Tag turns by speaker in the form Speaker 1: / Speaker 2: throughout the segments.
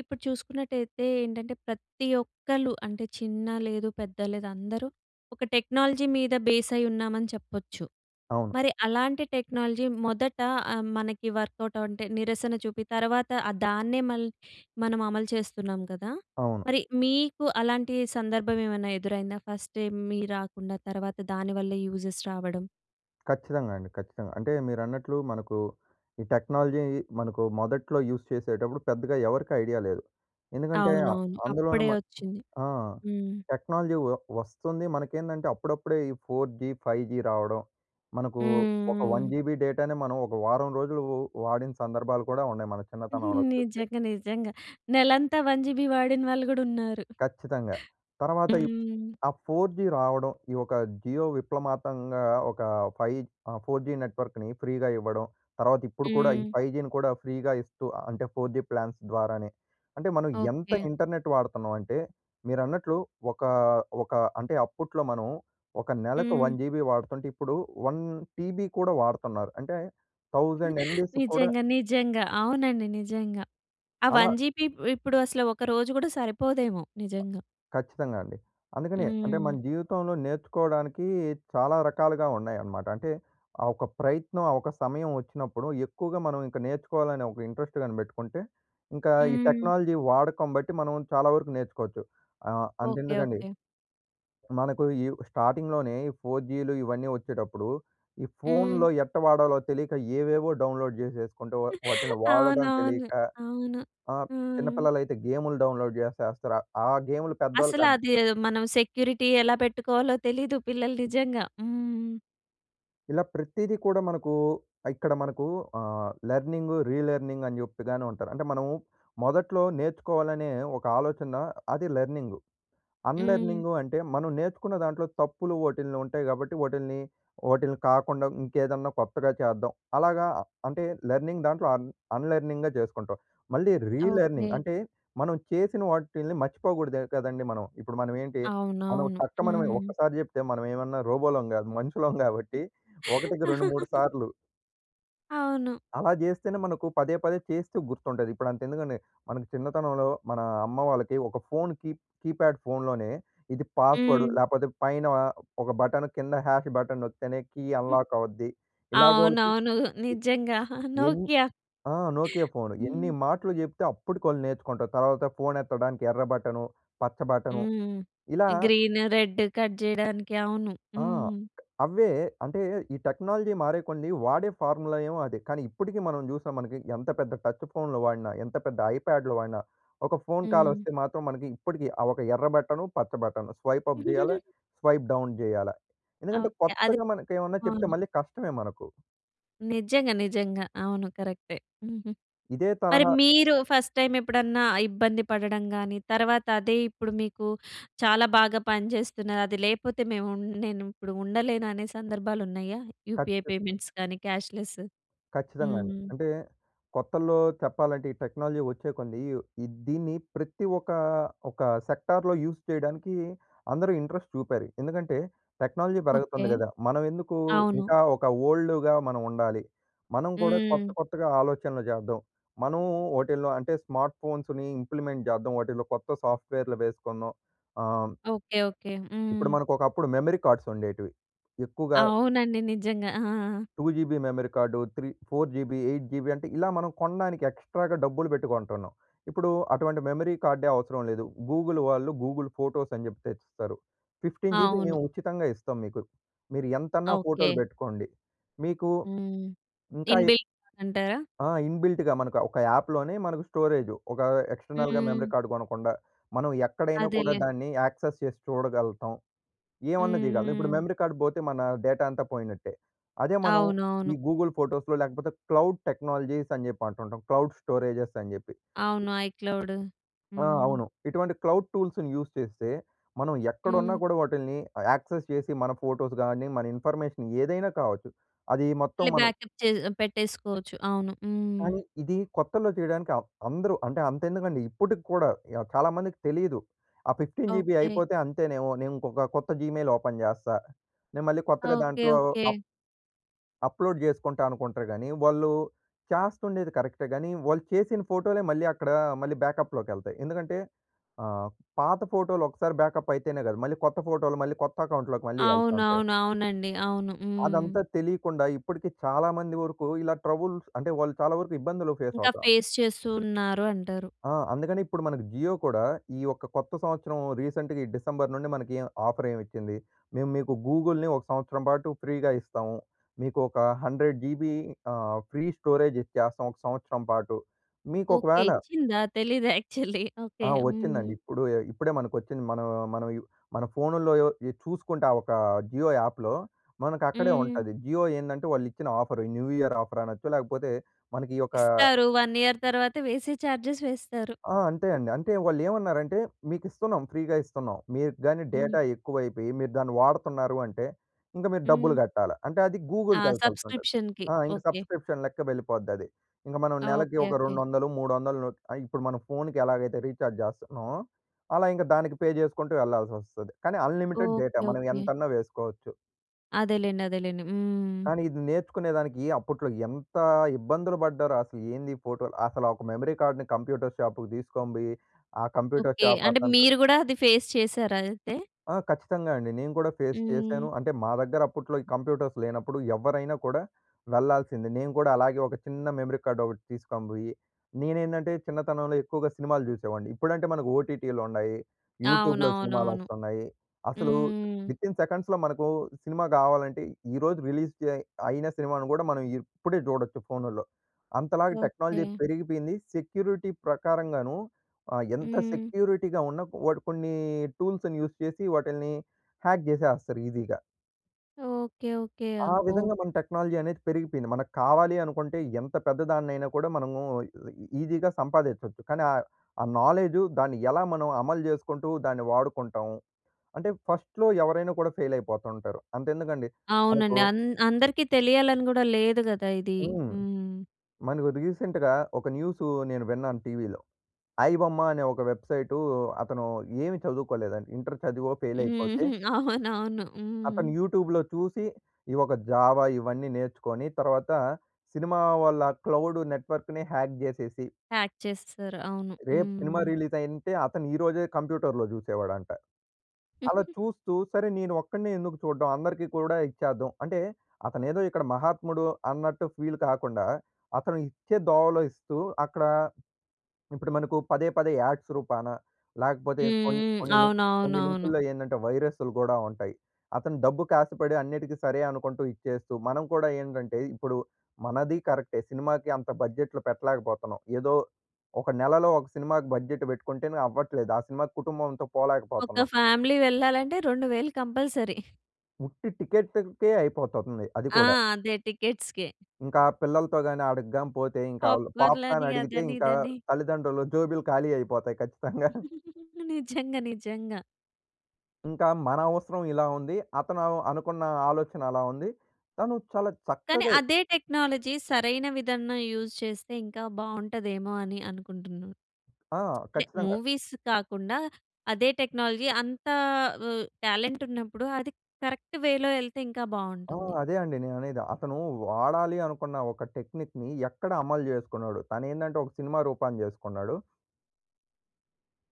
Speaker 1: ఇప్పుడు చూసుకున్నట్టయితే ఏంటంటే, ప్రతి ఒక్కలు అంటే చిన్న లేదు, పెద్ద లేదు. అందరూ ఒక టెక్నాలజీ మీద బేస్ అయ్యున్నామని చెప్పొచ్చు.
Speaker 2: అవును.
Speaker 1: మరి అలాంటి టెక్నాలజీ మొదట ఆహ్, మనకి వర్క్‌అవుట్ అంటే నిరసన చూపి, తర్వాత దాన్నే మళ్ళీ మనం అమలు చేస్తున్నాం గదా!
Speaker 2: అవును.
Speaker 1: మరి మీకు అలాంటి సందర్భం ఏమన్నా ఎదురైందా? ఫస్ట్ టైమ్ ఏమీ రాకుండా తర్వాత దాని వల్ల యూజెస్ రావడం.
Speaker 2: ఖచ్చితంగా అండి, ఖచ్చితంగా. అంటే మీరన్నట్లు మనకు ఈ టెక్నాలజీ మనకు మొదట్లో యూజ్ చేసేటప్పుడు పెద్దగా ఎవరికి ఐడియా లేదు. ఎందుకంటే అ
Speaker 1: అవునవును.
Speaker 2: అందులోనే
Speaker 1: అప్పుడే
Speaker 2: మన
Speaker 1: వచ్చింది.
Speaker 2: ఆ!
Speaker 1: హ్మ్.
Speaker 2: టెక్నాలజీ వ వస్తుంది మనకేందంటే అప్పుడప్పుడే ఈ 4జీ 5జీ రావడం. మనకు
Speaker 1: హ్మ్,
Speaker 2: ఒక వన్
Speaker 1: హ్మ్.
Speaker 2: జీబీ డేటాని మనం ఒక వారం రోజులు వాడిన సందర్భాలు కూడా ఉన్నాయి, మన చిన్నతనంలో చూస్తే.
Speaker 1: నిజంగా నిజంగా. నెలంతా 1జీబీ వాడిన వాళ్ళు గూడా ఉన్నారు.
Speaker 2: ఖచ్చితంగా. తర్వాత ఇ
Speaker 1: హ్మ్.
Speaker 2: ఆ 4జీ రావడం. ఈ ఒక 'జియో' విప్లమాతంగా ఒక 5 ఆహ్, 4జీ నెట్‌వర్క్‌ని ఫ్రీగా ఇవ్వడం. తర్వాత ఇప్పుడు కూడా ఈ
Speaker 1: హ్మ్.
Speaker 2: 5జీని కూడా ఫ్రీగా ఇస్తూ అంటే 4జీ ప్లాన్స్ ద్వారానే. అంటే మనం ఎంత
Speaker 1: ఓకే.
Speaker 2: ఇంటర్నెట్ వాడుతున్నాం అంటే, మీరన్నట్లు ఒక ఒక అంటే అప్పట్లో మనం ఒక నెలకు
Speaker 1: హ్మ్.
Speaker 2: 1జీబీ వాడుతుంటే ఇప్పుడు 1టీబీ కూడా వాడుతున్నారు. అంటే 1000ఎంబీస్ కూడ
Speaker 1: నిజంగా నిజంగా. అవునండి. నిజంగా. ఆ
Speaker 2: అలా
Speaker 1: 1 జీబీ ఇప్ ఇప్పుడు అసలు ఒక రోజు కూడా సరిపోదేమో! నిజంగా.
Speaker 2: ఖచ్చితంగా అండి. అందుకనే అంటే
Speaker 1: హ్మ్.
Speaker 2: మన జీవితంలో నేర్చుకోవడానికి, చాలా రకాలుగా ఉన్నాయన్నమాట. అంటే ఆ ఒక ప్రయత్నం, ఆ ఒక సమయం వచ్చినప్పుడు, ఎక్కువగా మనం ఇంక నేర్చుకోవాలనే ఒక ఇంట్రెస్ట్ కాని బెట్టుకుంటే, ఇంకా ఈ
Speaker 1: హ్మ్.
Speaker 2: టెక్నాలజీ వాడకం బట్టి మనం చాలా వరకు నేర్చుకోవచ్చు. ఆహ్,
Speaker 1: ఓకే,
Speaker 2: అంతెందుకండి...
Speaker 1: ఓకే.
Speaker 2: మనకు ఈ స్టార్టింగ్‌లోనే ఈ 4జీలు ఇవన్నీ వచ్చేటప్పుడు, ఈ ఫోన్‌లో
Speaker 1: హ్మ్.
Speaker 2: ఎట్టా వాడాలో తెలియక ఏవేవో డౌన్‌లోడ్ జేసేసుకుంటే, వ వాటిని వాడడం
Speaker 1: అవునవును.
Speaker 2: తెలియక
Speaker 1: అవును.
Speaker 2: ఆహ్,
Speaker 1: హ్మ్.
Speaker 2: చిన్నపిల్లలైతే గేమ్‌లు డౌన్‌లోడ్ జేసేస్తారు. ఆ గేమ్‌లు పెద్దోళ్ళకి
Speaker 1: అసలు
Speaker 2: అద్
Speaker 1: అది మనం సెక్యూరిటీ ఎలా పెట్టుకోవాలో తెలీదు. పిల్లలు నిజంగా హ్మ్.
Speaker 2: ఇలా ప్రతీదీ కూడా మనకూ, ఇక్కడ మనకు ఆహ్, లర్నింగు, రిలర్నింగ్ అని జెపుతానే ఉంటారు. అంటే మనము మొదట్లో నేర్చుకోవాలనే ఒక ఆలోచన అది లర్నింగు.
Speaker 1: హ్మ్.
Speaker 2: అన్‌లర్నింగు అంటే మనం నేర్చుకున్న దాంట్లో తప్పులు ఓటిల్ని ఉంటాయి కాబట్టి ఓటిల్ని. ఓటిల్ని కాకుండా ఇంకేదన్నా కొత్తగా చేద్దాం. అలాగా అంటే లెర్నింగ్ దాంట్లో అన్ అన్‌లర్నింగ్‌గా చేసుకుంటాం. మళ్ళీ రిలర్నింగ్
Speaker 1: ఓకె.
Speaker 2: అంటే, మనం చేసిన వాటిల్ని మర్చిపోకూడదు కదండీ మనం. ఇప్పుడు మనం ఏంటి మనం
Speaker 1: అవునవును.
Speaker 2: టక్ మనీ
Speaker 1: హుహుహు.
Speaker 2: ఒక్కసారి చెప్తే మనం ఏమన్నా రోబోలం కాదు మనుషులం గాబట్టి. ఒకటికి రెండు మూడు సార్లు
Speaker 1: అవును.
Speaker 2: అలా జేస్తేనే మనకు పదే పదే చేస్తూ గుర్తుంటది. ఇప్పుడు అంతే ఎందుకండి? మన చిన్నతనంలో మన అమ్మ వాళ్ళకి ఒక ఫోన్ కీప్ కీప్యాడ్ ఫోన్‌లోనే, ఇది పాస్‌వర్డ్
Speaker 1: హ్మ్.
Speaker 2: లేకపోతే పైన ఒక బటన్ కింద హాష్ బటన్ నొక్కితేనే కీ అన్లాక్ అవుద్ది. ఇలాగ వాళ్ళకి
Speaker 1: అవునవును.
Speaker 2: ఎ
Speaker 1: నిజంగా.
Speaker 2: ఎన్ని
Speaker 1: నోకియా.
Speaker 2: ఆ! Nokia phone. ఎన్ని
Speaker 1: హ్మ్.
Speaker 2: మాటలు జేప్తే, అప్పటికి వాళ్ళు నేర్చుకుంటారు. తర్వాత ఫోన్ ఎత్తడానికి ఎర్ర బటను, పచ్చ బటను.
Speaker 1: హ్మ్.
Speaker 2: ఇలా
Speaker 1: గ్రీన్ రెడ్ కట్ జేయడానికి అవును.
Speaker 2: ఆ!
Speaker 1: హ్మ్.
Speaker 2: అవ్వే అంటే, ఈ టెక్నాలజీ మారే కొంది. వాడే ఫార్ములా ఏమో అదే. కానీ ఇప్పటికి మనం జూసాం. మనకి ఎంత పెద్ద టచ్ ఫోన్‌లు వాడినా, ఎంత పెద్ద ఐప్యాడ్‌లు వాడినా. ఒక ఫోన్ కాల్
Speaker 1: హ్మ్.
Speaker 2: వస్తే మాత్రం. మనకి ఇప్పటికి ఆ ఒక ఎర్ర బటను, పచ్చ బటను, స్వైప్ అప్ జేయాలా, స్వైప్ డౌన్ జేయాలా. ఎందుకంటే,
Speaker 1: ఓకె. అది
Speaker 2: కొత్తగా మనకు ఏమన్నా చెప్తే
Speaker 1: అవునా?
Speaker 2: మళ్ళీ కష్టమే మనకు.
Speaker 1: నిజంగా. నిజంగా. అవును. కరెక్టే. హుహు.
Speaker 2: ఇదే
Speaker 1: మరి
Speaker 2: తరహా
Speaker 1: మీరు ఫస్ట్ టైమ్ ఎప్పుడన్నా ఇబ్బంది పడడం గాని, తర్వాత అదే ఇప్పుడు మీకు చాలా బాగా పనిచేస్తున్నాది. అది లేకపోతే మేము ఉన్ నేను ఇప్పుడు ఉండలేను అనే సందర్భాలు ఉన్నాయా? యూపీఐ
Speaker 2: ఖచ్చిత్
Speaker 1: పేమెంట్స్ కానీ క్యాష్‌లెస్?
Speaker 2: ఖచ్చితంగా అండి.
Speaker 1: హ్మ్.
Speaker 2: అంటే కొత్తల్లో చెప్పాలంటే, ఈ టెక్నాలజీ వచ్చే కొంది. ఇవ్ ఈ దీన్ని ప్రతి ఒకా ఒక సెక్టార్‌లో యూజ్ చేయడానికి అందరూ ఇంట్రెస్ట్ చూపారు. ఎందుకంటే, టెక్నాలజీ
Speaker 1: ఓకే.
Speaker 2: పెరుగుతుంది గదా! మనం ఎందుకూ
Speaker 1: అవును.
Speaker 2: ఇంకా ఒక ఓల్డ్‌గా మనం ఉండాలి. మనం కూడా కొత్త,
Speaker 1: హ్మ్.
Speaker 2: కొత్తగా ఆలోచనలు చేద్దాం. మనం వాటిల్లో అంటే, స్మార్ట్ ఫోన్స్‌ని ఇంప్లిమెంట్ చేద్దాం. వాటిలో కొత్త సా‌ఫ్ట్‌వేర్‌లు వేసుకుందాం. ఆహ్
Speaker 1: ఓకే. ఓకే.
Speaker 2: ఇప్పుడు
Speaker 1: హ్మ్.
Speaker 2: మనకు ఒకప్పుడు మెమరీ కార్డ్స్ ఉండేటివి. ఎక్కువగా
Speaker 1: అవునండి. నిజంగా. ఆ!
Speaker 2: 2జీబీ మెమరీ కార్డు, 3 4జీబీ 8జీబీ అంటే, ఇలా మనం కొనడానికి ఎక్స్‌ట్రాగా డబ్బులు బెట్టి కొంటున్నాం. ఇప్పుడు అటువంటి మెమరీ కార్డే అవసరం లేదు. గూగుల్ వాళ్ళు గూగుల్ ఫోటోస్ అని జెప్పే ఇస్తారు. 15 జీబీ
Speaker 1: అవును.
Speaker 2: మేము ఉచితంగా ఇస్తాం మీకు. మీరు ఎంతన్నా ఫోటో‌లు
Speaker 1: ఓకే.
Speaker 2: బెట్టుకోండి. మీకు
Speaker 1: హ్మ్.
Speaker 2: ఇంకా
Speaker 1: ఇన్ బిల్ట్ అంటారా?
Speaker 2: ఆ! ఇన్‌బి‌ల్ట్‌గా మనకు ఒక యాప్‌లోనే మనకు స్టోరేజు. ఒక ఎక్స్టర్నల్‌గా మెమరీ
Speaker 1: హ్మ్.
Speaker 2: కార్డ్ కొనకుండా. మనం ఎక్కడైనా కూడా,
Speaker 1: అదేలే.
Speaker 2: దాన్ని యాక్సెస్ చేసి చూడగలుగుతాం. ఏమన్నా
Speaker 1: హ్మ్.
Speaker 2: చేయగలతాం. ఇప్పుడు
Speaker 1: హ్మ్.
Speaker 2: మెమరీ కార్డ్ పోతే, మన డేటా అంతా పోయినట్టే. అదే మనం
Speaker 1: అవునవును.
Speaker 2: ఈ గూగుల్ ఫోటోస్‌లో లేకపోతే, క్లౌడ్ టెక్నాలజీస్ అని జెప్పి అంటుంటాం. క్లౌడ్ స్టోరేజెస్ అని జెప్పి.
Speaker 1: అవును. ఐక్లౌడు.
Speaker 2: ఆ!
Speaker 1: హ్మ్.
Speaker 2: అవును. ఇటువంటి క్లౌడ్ టూల్స్‌ని యూజ్ చేస్తే, మనం ఎక్కడున్నా
Speaker 1: హ్మ్.
Speaker 2: కూడా వాటిల్ని ఆహ్, యాక్సెస్ చేసి, మన ఫోటోస్ గాని, మన ఇన్ఫర్మేషన్ ఏదైనా కావచ్చు. అది మొత్తం
Speaker 1: మళ్ళీ
Speaker 2: మను
Speaker 1: బ్యాక్‌అప్ చే పెట్టేసుకోవచ్చు. అవును.
Speaker 2: కానీ,
Speaker 1: హ్మ్.
Speaker 2: ఇది కొత్తలో చేయడానికి ఆహ్, అందరూ అంటే, అంత ఎందుకండి ఇప్పటికి కూడా య చాలా మందికి తెలియదు. ఆ 15జీబీ
Speaker 1: ఓకే.
Speaker 2: అయిపోతే అంతేనేమో. నేను ఇంకొక కొత్త జీమెయిల్ ఓపెన్ జేస్తా. నేను మళ్ళీ కొత్తగా
Speaker 1: ఓకే.
Speaker 2: దాంట్లో
Speaker 1: ఓకే.
Speaker 2: అప్ అప్లోడ్ జేసుకుంటా అనుకుంటారు గాని, వాళ్ళు చేస్తుండేది కరెక్టే గాని. వాళ్ళు చేసిన ఫోటోలే మళ్ళీ అక్కడ మళ్ళీ బ్యాకప్‌లోకెళ్తాయి. ఎందుకంటే, ఆహ్, పాత ఫోటో‌లు ఒక్కసారి బ్యాకప్ అయితేనే గాదు. మళ్ళీ కొత్త ఫోటో‌లు, మళ్ళీ కొత్త అకౌంట్‌లోకి మళ్ళీ ఎళ్తా ఉంటాయి.
Speaker 1: అవునవును. అవునండి. అవును. హ్మ్.
Speaker 2: అదంతా తెలియకుండా ఇప్పటికి చాలా మంది వరకు ఇలా ట్రబుల్ అంటే, వాళ్ళు చాలా వరకు ఇబ్బందులు ఫేస్
Speaker 1: ఇంకా
Speaker 2: అవుత
Speaker 1: ఫేస్ చేస్తూ ఉన్నారు అంటారు.
Speaker 2: ఆ! అందుకని ఇప్పుడు మన జియో కూడా. ఈ యొక్క కొత్త సంవత్సరం రీసెంట్‌గా ఈ డిసెంబర్ నుండి మనకీ ఆఫర్ ఏం ఇచ్చింది. మేము మీకు గూగుల్‌నీ ఒక సంవత్సరం పాటు ఫ్రీ‌గా ఇస్తాము. మీకు ఒక 100జీబీ ఆహ్, ఫ్రీ స్టోరేజ్ ఇచ్చేస్తాం ఒక సంవత్సరం పాటు. మీకు
Speaker 1: ఓకే.
Speaker 2: ఒకవేళ
Speaker 1: ఇచ్చిందా తెలీదు యాక్చువల్లీ.
Speaker 2: ఆ!
Speaker 1: ఓకే. హ్మ్.
Speaker 2: వచ్చిందండి. ఇప్పుడు ఎ ఇప్పుడే మనకొచ్చింది. మనం మనం యు మన ఫోన్నులో యో ఇ చూసుకుంటా ఒక జియో యాప్‌లో, మనకు అక్కడే
Speaker 1: హ్మ్.
Speaker 2: ఉంటది. జియో ఏందంటే, వాళ్ళు ఇచ్చిన ఆఫరు న్యూ ఇయర్ ఆఫర్ అనొచ్చు. లేకపోతే మనకి ఈ యొకా
Speaker 1: ఇస్తారు. 1 ఇయర్ తర్వాత వేసే చార్జెస్ వేస్తారు.
Speaker 2: ఆ! అంతే అండి. అంటే వాళ్ళు ఏమన్నారంటే, మీకు ఇస్తున్నాం. ఫ్రీగా ఇస్తున్నాం. మీరు గాని డేటా
Speaker 1: హ్మ్.
Speaker 2: ఎక్కువైపోయి, మీరు దాన్ని వాడుతున్నారు అంటే, ఇంక మీరు డబ్బులు
Speaker 1: హ్మ్.
Speaker 2: గట్టాల. అంటే అది
Speaker 1: ఆ!
Speaker 2: గూగుల్‌కి యేళ్తుంటా‌ది.
Speaker 1: సబ్స్క్రిప్షన్‌కి
Speaker 2: ఆ! ఇంకా
Speaker 1: ఓకే.
Speaker 2: సబ్స్క్రిప్షన్ లెక్క వెళ్ళిపోద్ది అది. ఇంగ మనం
Speaker 1: ఆ!
Speaker 2: నెలకి
Speaker 1: ఓకే.
Speaker 2: ఒక రెండు
Speaker 1: ఓకే.
Speaker 2: వందలు మూడు వందలు ను ఆహ్, ఇప్పుడు మనం ఫోన్‌కి ఎలాగైతే రీచార్జ్ జేస్తున్నామో. అలా ఇంక దానికి పే జేసుకుంటూ ఏళ్ళల్సి వస్తది. కానీ, అన్లిమిటెడ్ డేటా
Speaker 1: ఓకే.
Speaker 2: మనం
Speaker 1: ఓకే.
Speaker 2: ఎంతన్నా వేసుకోచ్చు.
Speaker 1: అదేలేండి. అదేలేండి. హ్మ్.
Speaker 2: కానీ, ఇది నేర్చుకునే దానికి అప్పుట్లో ఎంత ఇబ్బందులు పడ్డారో, అసలు ఏందీ ఫోటోలు అసల ఒక మెమరీ కార్డ్‌ని కంప్యూటర్ షాపుకు దీసుకొని బొయ్యి, ఆ కంప్యూటర్
Speaker 1: ఓకే. అంటే
Speaker 2: షాపతనుతో
Speaker 1: మీరు గూడా అది ఫేస్ చేసారా? అయితే.
Speaker 2: ఆ! ఖచ్చితంగా అండి. నేను కూడా ఫేస్ చేశాను.
Speaker 1: హ్మ్.
Speaker 2: అంటే, మా దగ్గర అప్పుట్లో ఈ కంప్యూటర్స్ లేనప్పుడు, ఎవ్వరైనా కూడా వెళ్లాల్సిందే. నేను కూడా, అలాగే ఒక చిన్న మెమరీ కార్డొకటి తీస్కనిబొయ్యి నేనేందంటే చిన్నతనంలో ఎక్కువగా సినిమాలు చూసేవాడిని. ఇప్పుడంటే మనకు ఓటిటిలుండాయి, యూట్యూబ్‌లో
Speaker 1: అవునవునవును.
Speaker 2: సినిమాలొస్తన్నాయి, అసలు
Speaker 1: హ్మ్.
Speaker 2: విత్ ఇన్ సెకండ్స్‌లో మనకు సినిమా గావాలంటే, ఈరోజు రిలీజ్ డే అయిన సినిమాను గూడా, మనం ఇప్పుడే చూడొచ్చు ఫోనుల్లో. అంతలాగా టెక్నాలజీ
Speaker 1: ఓకే.
Speaker 2: పెరిగిపోయింది, సెక్యూరిటీ ప్రకారంగాను ఆహ్, ఎంత
Speaker 1: హ్మ్.
Speaker 2: సెక్యూరిటీగా ఉన్న, వాడు కొన్ని టూల్స్‌ని యూజ్ చేసి, వాటిల్ని హ్యాక్ జేసేస్తారు ఈజీగా.
Speaker 1: ఓకే. ఓకే.
Speaker 2: ఆ!
Speaker 1: అబ్బో!
Speaker 2: విధంగా మన టెక్నాలజీ అనేది పెరిగిపోయింది. మనకు కావాలి అనుకుంటే, ఎంత పెద్దదాన్నయినా కూడా మనము ఈ ఈజీగా సంపాదించొచ్చు. కానీ ఆహ్, ఆ నాలేజు దాన్ని ఎలా మనం అమలు చేసుకుంటూ, దాన్ని వాడుకుంటాము. అంటే, ఫస్ట్‌లో ఎవరైనా కూడా ఫెయిలైపోతుంటారు. అంతెందుకండి మనకు
Speaker 1: అవునండి. అన్ అందరికి తెలియాలని గూడా లేదు కదా ఇది.
Speaker 2: హ్మ్.
Speaker 1: హ్మ్.
Speaker 2: మనకు రీసెంట్‌గా ఒక న్యూసు నేను విన్నాను టీవీలో. ఐ బొమ్మ అనే ఒక వెబ్సైటు అతను ఏమి చదువుకోలేదండి, ఇంటర్ చదివో ఫెయిలయిపోతే...
Speaker 1: హుహు. అవునవును. హ్మ్.
Speaker 2: అతను యూట్యూబ్‌లో చూసి, ఈ ఒక జావా ఇవన్నీ నేర్చుకొని, తర్వాత సినిమా వాళ్ళ క్లౌడ్ నెట్వర్క్‌ని హ్యాక్ జేసేసి...
Speaker 1: ప్యాక్ చేసేశారు. అవును. హ్మ్,
Speaker 2: రేపు
Speaker 1: హ్మ్,
Speaker 2: సినిమా
Speaker 1: హ్మ్.
Speaker 2: రిలీజయింటే, అతను ఈ రోజే కంప్యూటర్‌లో జూసేవాడంట. అలా చూస్తూ, సరే నేను ఒక్కడినే ఎందుకు చూడ్డం, అందరికీ కూడా ఇచ్చేద్దాం అంటే, అతనేదో ఇక్కడ మహాత్ముడు అన్నట్టు ఫీల్ కాకుండా, అతను ఇచ్చే దోవలో ఇస్తూ, అక్కడ ఇప్పుడు మనకు పదే, పదే యాడ్స్ రూపాన లేకపోతే కొన్
Speaker 1: హ్మ్. హ్మ్.
Speaker 2: కొన్ని, కొన్ని
Speaker 1: అవునవునవును.
Speaker 2: లింకుల్లో ఏందంటే, వైరసులు గూడా ఉంటయి. అతను డబ్బుకి ఆశపడి, అన్నిటికి సరే అనుకుంటూ ఇచ్చేస్తూ, మనం కూడా ఏంటంటే, ఇప్పుడు మనది కరెక్టే, సినిమాకి అంత బడ్జెట్‌లు పెట్టలేకపోతున్నాం. ఏదో ఒక నెలలో, ఒక సినిమాకి బడ్జెట్ పెట్టుకుంటేనే అవ్వట్లేదు. ఆ సినిమాకు కుటుంబంతో
Speaker 1: ఒక
Speaker 2: పోలేకపోతున్నం.
Speaker 1: ఫ్యామిలీ వెళ్ళాలంటే, 2000 కంపల్సరీ.
Speaker 2: ఉట్టి టికెటుకే అయిపోతుంది అది
Speaker 1: ఆ!
Speaker 2: కూడా.
Speaker 1: అదే టికెట్స్‌‌కే.
Speaker 2: ఇంకా పిల్లలతో గాని, అడకిగాని పోతే ఇంకా ఆళ్ళు
Speaker 1: పాప్‌కార్న్‌లని
Speaker 2: పాప్‌కార్న్ అడిగితే
Speaker 1: అదని
Speaker 2: ఇంకా
Speaker 1: ఇదని.
Speaker 2: తల్లిదండ్రులు జేబులు ఖాళీ అయిపోతాయి ఖచ్చితంగా.
Speaker 1: నిజంగా నిజంగా.
Speaker 2: ఇంకా మన అవసరం ఇలా ఉంది. అతను అల్ అనుకున్న ఆలోచన అలా ఉంది. తను చాలా
Speaker 1: కానీ
Speaker 2: చక్కగే
Speaker 1: అదే టెక్నాలజీ సరైన విధన్న యూజ్ చేస్తే ఇంకా బాగుంటదేమో అని అనుకుంటున్నా.
Speaker 2: ఆ!
Speaker 1: అంటే
Speaker 2: ఖచ్చితంగా.
Speaker 1: మూవీస్ కాకుండా అదే టెక్నాలజీ అంతా ఆహ్, టాలెంటున్నప్పుడు అది కరెక్ట్ వే‌లో ఎళ్తే ఇంకా
Speaker 2: ఆ!
Speaker 1: బావుంటుంది.
Speaker 2: అదే అండి నేననేది. అతను వాడాలి అనుకున్న ఒక టెక్నిక్‌ని ఎక్కడ అమలు చేసుకున్నాడు? తను ఏందంటే ఒక సినిమా రూపాన్ని చేసుకున్నాడు.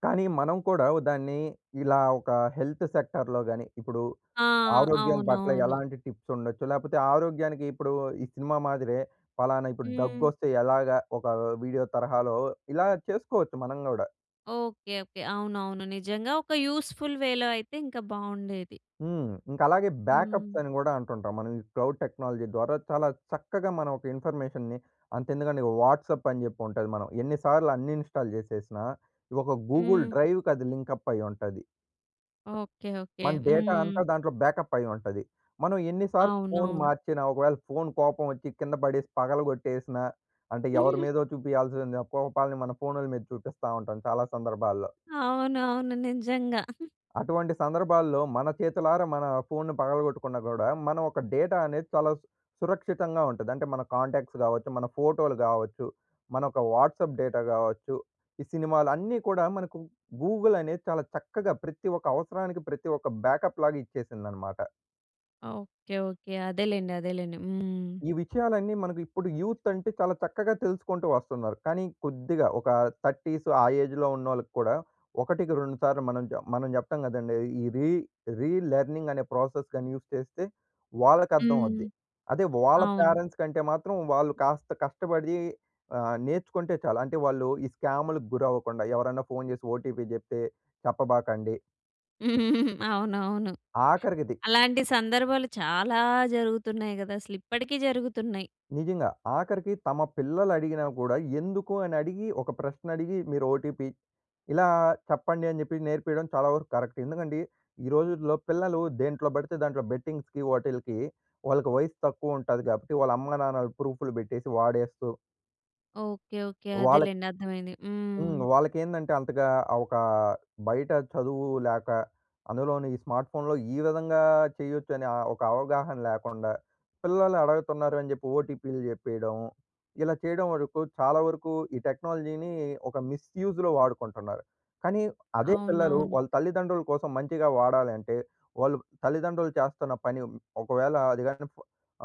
Speaker 2: కానీ మనం కూడా ఓ దాన్ని ఇలా ఒక హెల్త్ సెక్టార్‌లో గాని ఇప్పుడు
Speaker 1: ఆ!
Speaker 2: ఆరోగ్యం పట్ల
Speaker 1: అవునవును.
Speaker 2: ఎలాంటి టిప్స్ ఉండొచ్చు? లేకపోతే ఆరోగ్యానికి ఇప్పుడు ఈ సినిమా మాదిరే పలానా ఇప్పుడు
Speaker 1: హ్మ్.
Speaker 2: దగ్గొస్తే ఎలాగా? ఒకా వీడియో తరహాలో ఇలా చేసుకోవచ్చు మనం గూడా.
Speaker 1: ఓకే. ఓకే. అవునవును నిజంగా ఒక యూజ్‌ఫుల్ వేలో అయితే ఇంకా బావుండేది.
Speaker 2: హ్మ్. ఇంక అలాగే బ్యాకప్స్
Speaker 1: హ్మ్.
Speaker 2: అని కూడా అంటుంటాం. మనం ఈ క్లౌడ్ టెక్నాలజీ ద్వారా చాలా చక్కగా మనం ఒక ఇన్ఫర్మేషన్‌ని అంత ఎందుకండి వాట్సాప్ అని చెప్పి ఉంటది మనం. ఎన్ని సార్లు అన్‌ఇన్‌స్టాల్ చేసేసినా ఒక గూగుల్
Speaker 1: హ్మ్.
Speaker 2: డ్రైవ్‌కి అది లింకప్ అయ్యింటది.
Speaker 1: ఓకె. ఓకె.
Speaker 2: మన డేటా
Speaker 1: హ్మ్.
Speaker 2: అంతా దాంట్లో బ్యాకప్ అయ్యి ఉంటది. మనం ఎన్ని సార్లు ఫోన్
Speaker 1: అవునవును.
Speaker 2: మార్చినా, ఒకవేళ ఫోన్ కోపం వచ్చి కింద పడేసి పగలగొట్టేసినా అంటే ఎవరి మీదో చూపియాల్సిన కోపాల్ని మన ఫోన్‌ల మీద చూపిస్తా ఉంటాం చాలా సందర్భాల్లో.
Speaker 1: అవును. అవును. నిజంగా.
Speaker 2: అటువంటి సందర్భాల్లో మన చేతులారా మన ఫోన్‌ని పగలగొట్టుకున్నా కూడా మనం ఒక డేటా అనేది చాలా సు సురక్షితంగా ఉంటది. అంటే మన కాంటాక్ట్స్ కావచ్చు, మన ఫోటోలు కావచ్చు. మన ఒక వాట్సాప్ డేటా కావచ్చు. ఈ సినిమాలు అన్నీ కూడా మనకు గూగుల్ అనేది చాలా చక్కగా ప్రతి ఒక్క అవసరానికి ప్రతి ఒక్క బ్యాకప్ లాగా ఇచ్చేసిందన్నమాట.
Speaker 1: ఓకె. ఓకె. అదేలెండి, అదేలెండి. హ్మ్.
Speaker 2: ఈ విషయాలన్నీ మనకు ఇప్పుడు యూత్ అంటే చాలా చక్కగా తెలుసుకుంటూ వస్తున్నారు. కానీ కొద్దిగా ఒక 30స్ ఆ ఏజ్‌లో ఉన్నోళ్ళకి కూడా ఒకటికి రెండు సార్లు మనం చా మనం చెప్తాం కదండీ! ఈ రీ రీ లెర్నింగ్ అనే ప్రాసెస్ గాని యూజ్ చేస్తే వాళ్ళకి అర్థం
Speaker 1: హ్మ్.
Speaker 2: అవుద్ది. అదే వాళ్ళ
Speaker 1: అవును.
Speaker 2: పేరెంట్స్ కంటే మాత్రం వాళ్ళు కాస్త కష్టపడి ఆహ్, నేర్చుకుంటే చాలు. అంటే వాళ్ళు ఈ స్కామ్‌లు గురవ్వకుండా ఎవరైనా ఫోన్ చేసి ఓటీపీ చెప్తే చెప్పబాకండి
Speaker 1: అవునవును.
Speaker 2: ఆఖరికిది
Speaker 1: అలాంటి సందర్భాలు చాలా జరుగుతున్నాయి కదా! అసలు ఇప్పటికి జరుగుతున్నాయి.
Speaker 2: నిజంగా. ఆఖరికి తమ పిల్లలు అడిగినా కూడా ఎందుకు అని అడిగి ఒక ప్రశ్న అడిగి మీరు ఓటీపీ ఇలా చెప్పండి అని చెప్పి నేర్పియడం చాలా వరకు కరెక్ట్. ఎందుకంటే ఈ రోజుల్లో పిల్లలు దేంట్లో పడితే దాంట్లో బెట్టింగ్స్‌కి వాటిలకి వాళ్ళకి వయసు తక్కువ ఉంటాది. కాబట్టి వాళ్ళ అమ్మ-నాన్నలు ప్రూఫ్‌లు పెట్టేసి వాడేస్తూ
Speaker 1: ఓకే ఓకే.
Speaker 2: వాళ్ళకి
Speaker 1: అదేలెండి, అర్థమైంది.
Speaker 2: హ్మ్.
Speaker 1: హ్మ్.
Speaker 2: వాళ్ళకి ఏందంటే అంతగా ఆ! ఒక బయట చదువు లేక అందులోని ఈ స్మార్ట్ ఫోన్‌లో ఈ విధంగా చేయొచ్చు. అనే ఒక అవగాహన లేకుండా పిల్లలు అడగుతున్నారు అని చెప్పి ఓటీపీలు చెప్పేయడం ఇలా చేయడం వరకు, చాలా వరకు ఈ టెక్నాలజీని ఒక మిస్‌యూ‌జ్‌లో వాడకుంటున్నారు. కానీ అదే పిల్లలు
Speaker 1: అవునవును.
Speaker 2: వాళ్ళ తల్లిదండ్రుల కోసం మంచిగా వాడాలంటే వాళ్ళు తల్లిదండ్రులు చేస్తున్న పని, ఒకవేళ అది కాని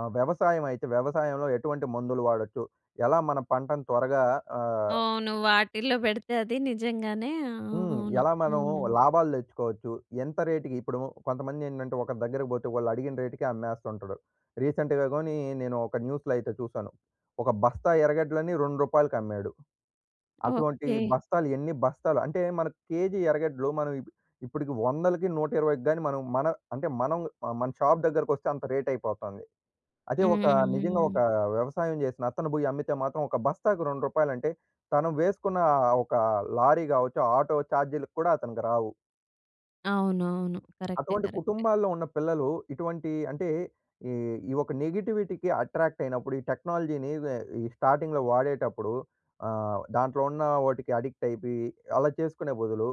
Speaker 2: ఆహ్, వ్యవసాయం అయితే వ్యవసాయంలో ఎటువంటి మందులు వాడొచ్చు ఎలా మన పంటను త్వరగా ఆహ్
Speaker 1: అవును. వాటిల్లో పెడితే అది నిజంగానే ఆ! ఆ!
Speaker 2: హ్మ్.
Speaker 1: అవును.
Speaker 2: ఎలా మనం
Speaker 1: హ్మ్.
Speaker 2: లాభాలు తెచ్చుకోవచ్చు. ఎంత రేట్‌కి ఇప్పుడు కొంతమంది ఏంటంటే ఒకరి దగ్గరికి పోతే వాళ్ళు అడిగిన రేట్‌కి అమ్మేస్తుంటాడు. రీసెంట్‌గా గాని నేను ఒక న్యూస్‌లో అయితే చూసాను. ఒక బస్తా ఎర్రగడ్డలని రూ. 2కి అమ్మాడు. అటువంటి
Speaker 1: ఓకే.
Speaker 2: బస్తాలు ఎన్ని బస్తాలు అంటే మన కేజీ ఎర్రగడ్డలు మనం ఇప్పటికి 100కి, 120కి గాని మనం మన అంటే మనం మన షాప్ దగ్గరకి వస్తే అంత రేట్ అయిపోతాంది. అదే ఒక
Speaker 1: హ్మ్.
Speaker 2: నిజంగా ఒక
Speaker 1: హ్మ్.
Speaker 2: వ్యవసాయం చేసిన అతను పోయి అమ్మితే మాత్రం ఒక బస్తాకి రూ. 2 అంటే తను వేసుకున్న ఒక లారీ కావచ్చు, ఆటో చార్జీలు కూడా అతనికి రావు.
Speaker 1: అవునవును. కరెక్టే,
Speaker 2: అటువంటి
Speaker 1: కరెక్టే.
Speaker 2: కుటుంబాల్లో ఉన్న పిల్లలు, ఇటువంటి అంటే ఈ, ఈ ఒక నెగటివిటీకి అట్రాక్ట్ అయినప్పుడు, ఈ టెక్నాలజీని వ్ ఈ స్టార్టింగ్‌లో వాడేటప్పుడు. ఆహ్, దాంట్లో ఉన్న వాటికి అడిక్ట్ అయిపోయి అలా చేసుకునే బదులు,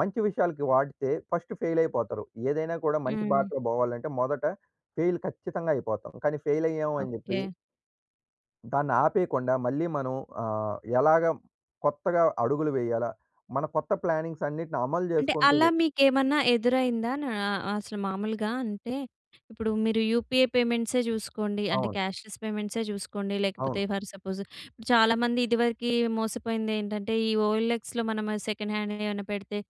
Speaker 2: మంచి విషయాలకి వాడితే ఫస్ట్ ఫెయిల్ అయిపోతారు. ఏదైనా కూడా మంచి
Speaker 1: హ్మ్.
Speaker 2: బాటలో పోవాలంటే మొదట ఫెయిల్ ఖచ్చితంగా అయిపోతాం. కానీ ఫెయిల్ అయ్యాము అని చెప్పి
Speaker 1: ఓకే.
Speaker 2: దాన్ని ఆపేయకుండా. మళ్ళీ మనం ఆహ్, ఎలాగ కొత్తగా అడుగులు వేయాలా? మన కొత్త ప్లాన్నింగ్స్ అన్నిటిని అమలు
Speaker 1: అంటే,
Speaker 2: చేసుకుంటూ
Speaker 1: అలా మీకేమన్నా ఎదురైందా? నా అసలు మామూలుగా, అంటే ఇప్పుడు మీరు యూపీఏ పేమెంట్సే చూసుకోండి, అంటే
Speaker 2: అవును.
Speaker 1: క్యా‌ష్‌లె‌స్ పేమెంట్సే చూసుకోండి, లేకపోతే
Speaker 2: అవును.
Speaker 1: ఫర్ సపోజ్ ఇప్పుడు చాలామంది ఇదివరకి మోసపోయింది ఏంటంటే ఈ ఓఎల్ఎక్స్‌లో మనం సెకండ్ హ్యాండ్ ఏమన్నా పెడితే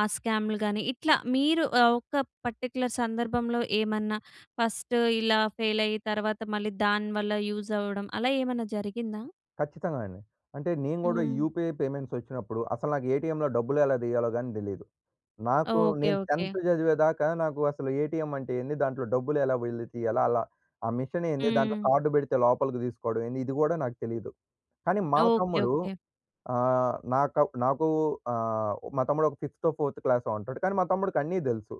Speaker 1: ఆ స్క్యామ్‍లు కానీ ఇట్లా మీరు ఒక పర్టిక్యులర్ సందర్భంలో ఏమన్నా ఫస్ట్ ఇలా ఫెయిల్ అయి తర్వాత మళ్ళీ దాని వల్ల యూజ్ అవ్వడం అలా ఏమన్నా జరిగిందా?
Speaker 2: ఖచ్చితంగా అండి. అంటే నేను కూడా
Speaker 1: హ్మ్.
Speaker 2: యూపీఐ పేమెంట్స్ వచ్చినప్పుడు, అసలు నాకు ఏటీఎంలో డబ్బులు ఎలా తీయాలో కానీ తెలీదు. నాకు
Speaker 1: ఓకే.
Speaker 2: నేను
Speaker 1: ఓకే.
Speaker 2: 10త్ చదివేదాకా నాకు అసలు ఏటీఎం అంటే ఏంది, దాంట్లో డబ్బులు ఎలా వెళ్ళితీయాల? అలా ఆ మిషన్ ఏంది? దాంట్లో
Speaker 1: హ్మ్.
Speaker 2: కార్డ్ పెడితే లోపలికి తీసుకోవడం ఏంది? ఇది కూడా నాకు తెలీదు. కానీ మా
Speaker 1: ఓకే.
Speaker 2: తమ్ముడు
Speaker 1: ఓకే.
Speaker 2: ఆహ్, నాకా నాకు ఆహ్, మా తమ్ముడు ఒక ఫిఫ్తో ఫోర్త్ క్లాసో ఉంటాడు. కానీ మా తమ్ముడికి అన్నీ తెలుసు.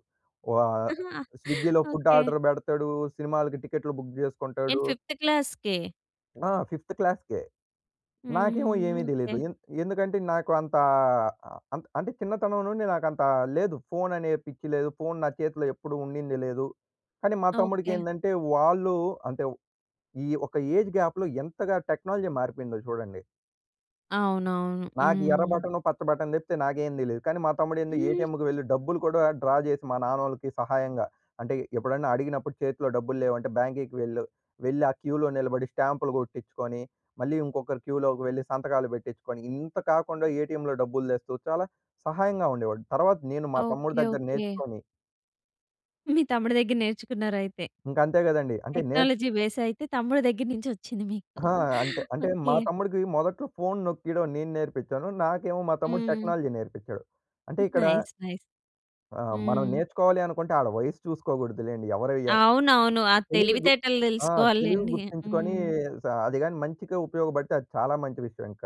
Speaker 2: వా స్విగ్గీలో ఫుడ్
Speaker 1: ఓకె.
Speaker 2: ఆర్డర్ పెడతాడు. సినిమాలకి టికెట్లు బుక్ చేసుకుంటాడు.
Speaker 1: ఏంటి 5త్ క్లాస్‌కే?
Speaker 2: ఆ! 5త్ క్లాస్‌కే. నాకేమో
Speaker 1: హుహుహు.
Speaker 2: ఏమీ
Speaker 1: ఓకె.
Speaker 2: దెలీదు! ఎంద్ ఎందుకంటే నాకు అంతా అ అంత అంటే చిన్నతనం నుండి నాకు అంతా లేదు. ఫోన్ అనే పిచ్చి లేదు. ఫోన్ నా చేతిలో ఎప్పుడూ ఉండింది లేదు. కానీ మా తమ్ముడికి
Speaker 1: ఓకె.
Speaker 2: ఏంటంటే వాళ్ళు అంటే ఈ ఒక ఏజ్ గ్యాప్‍లో ఎంతగా టెక్నాలజీ మారిపోయిందో చూడండి!
Speaker 1: అవునవును.
Speaker 2: నాకు ఎర్ర
Speaker 1: హ్మ్.
Speaker 2: బటను, పచ్చ బటన్ దెప్పితే నాకేం తెలీదు! కానీ మా తమ్ముడు ఏంది ఏటీఎంకి వెళ్ళి డబ్బులు కూడా డ్రా జెసి మా నాన్నోళ్ళకి సహాయంగా అంటే ఎప్పుడైనా అడిగినప్పుడు చేతిలో డబ్బులు లేవంటే బ్యాంకేకి వెళ్ళు. వెళ్లి ఆ క్యూలో నిలబడి స్టాంపులు గొట్టించుకొని మళ్ళీ ఇంకొకరు క్యూలోకి వెళ్లి సంతకాలు బెట్టించుకొని, ఇంత కాకుండా ఏటీఎంలో డబ్బులు దెస్తూ చాలా సహాయంగా ఉండేవాడు. తర్వాత నేను మా తమ్ముడు
Speaker 1: ఓకె
Speaker 2: దగ్గర
Speaker 1: ఓకె.
Speaker 2: నేర్చుకొని
Speaker 1: మీ తమ్ముడి దగ్గర నేర్చుకున్నారైతే?
Speaker 2: ఇంక అంతే గదండీ! అంటే నేర్
Speaker 1: టెక్నాలజీ బేస్ అయితే తమ్ముడు దగ్గర నుంచి ఒచ్చింది మీకు.
Speaker 2: అహా! అంతే అంటే మా
Speaker 1: ఓకె.
Speaker 2: తమ్ముడికి మొదట్లో ఫోన్ నొక్కియడం నేను నేర్పించాను. నాకేమో మా తమ్ముడు
Speaker 1: హ్మ్.
Speaker 2: టెక్నాలజీ నేర్పిచాడు. అంటే ఇక్కడ
Speaker 1: నైస్. నైస్.
Speaker 2: ఆ! మనం
Speaker 1: హ్మ్.
Speaker 2: నేర్చుకోవాలి అనుకుంటే ఆడ వయసు చూసుకోగూడదు లెండి! ఎవరు ఎన్
Speaker 1: అవునవును. ఆ
Speaker 2: తెలివి గుర్
Speaker 1: తెలివితేటలు
Speaker 2: ఆహ్, తెలివి
Speaker 1: దెల్సుకోవాల్లెండి.
Speaker 2: గుర్తించుకొనీ
Speaker 1: హ్మ్.
Speaker 2: స అదిగాని మంచిగా ఉపయోగబడితే అది చాలా మంచి విషయం ఇంక.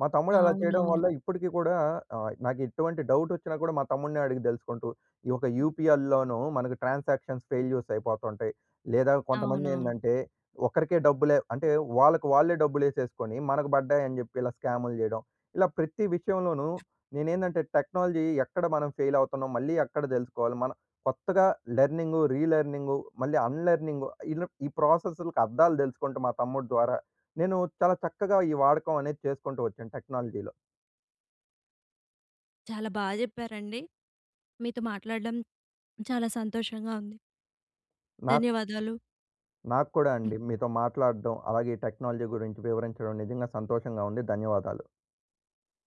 Speaker 2: మా తమ్ముడు అలా చేయడం
Speaker 1: అవునవును.
Speaker 2: వల్ల ఇప్పడికి కూడా ఆహ్, నాకు ఎట్టువంటి డౌట్ ఒచ్చినా కూడా మా తమ్ముడినే అడిగి తెలుసుకుంటూ, ఈ యొక్క యూపీఐల్లోను మనకు ట్రాన్సాక్షన్స్ ఫెయిల్యూర్స్ అయిపోతుంటాయి. లేదా కొంతమంది
Speaker 1: అవునవును.
Speaker 2: ఏందంటే ఒకరికే డబ్బులే అంటే వాళ్ళకి వాళ్ళే డబ్బులు ఏసేసుకొని మనకు బడ్డాయని జెప్పి ఇలా స్కామ్‌లు చేయడం. ఇలా ప్రతి విషయంలోనూ నేనేందంటే టెక్నాలజీ ఎక్కడ మనం ఫెయిల్ అవుతున్నాం? మళ్ళీ ఎక్కడ దెలుసుకోవాలి? మనం కొత్తగా లెర్నింగు, రీ లెర్నింగు మళ్ళీ అన్ లెర్నింగు ఇలబ్ ఈ ప్రాసెస్ల్‌కి అర్ధాలు దెలుసుకుంటూ మా తమ్ముడు ద్వారా. నేను చాలా చక్కగా ఈ వాడకం అనేది చేసుకుంటూ ఒచ్చాను టెక్నాలజీలో.
Speaker 1: చాలా బా జెప్పారండి! మీతో మాట్లాడడం చాలా సంతోషంగా ఉంది!
Speaker 2: నాక్
Speaker 1: ధన్యవాదాలు.
Speaker 2: నాక్కూడా అండి. మీతో మాట్లాడడం, అలాగే ఈ టెక్నాలజీ గురించి వివరించడం నిజంగా సంతోషంగా ఉంది. ధన్యవాదాలు.